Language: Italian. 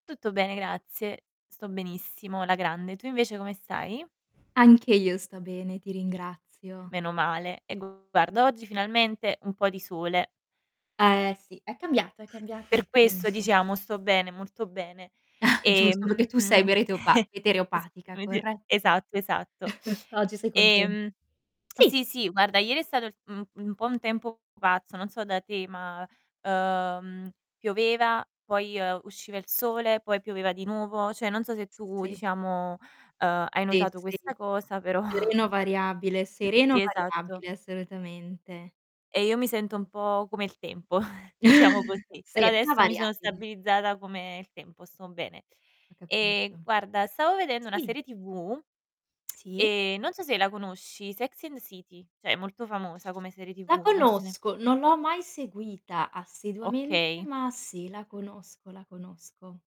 Tutto bene, grazie. Sto benissimo, alla grande. Tu invece come stai? Anche io sto bene, ti ringrazio. Meno male. E guarda, oggi finalmente un po' di sole. Eh, sì, è cambiato è cambiato Per il questo, tempo. diciamo, sto bene, molto bene. Giusto, perché tu sei Ehm, mereteopa s metereopatica, [unintelligible] corretto? esatto, esatto. Oggi sei contenta Ehm sì. sì, sì, guarda ieri è stato, mhmm, un un po' un tempo pazzo, non so da te, ma, uhm, pioveva, poi, ehm, usciva il sole, poi pioveva di nuovo. Cioè non so se S tu, sì. diciamo, uhm, hai Sì, notato sì. questa cosa, però Sereno variabile, sereno Sì, esatto. variabile, assolutamente. E io mi sento un po' come il tempo diciamo così. Però Sì, ma adesso mi sono variabile. stabilizzata come il tempo, sto bene. Ho capito. Ehm, guarda, stavo vedendo una Sì. serie TV, Sì? ehm, non so se la conosci, Sex and the City. Cioè è molto famosa come serie La TV, non so se ne conosco, non l'ho mai seguita assiduamente, Okay. ma sì, la conosco, la conosco.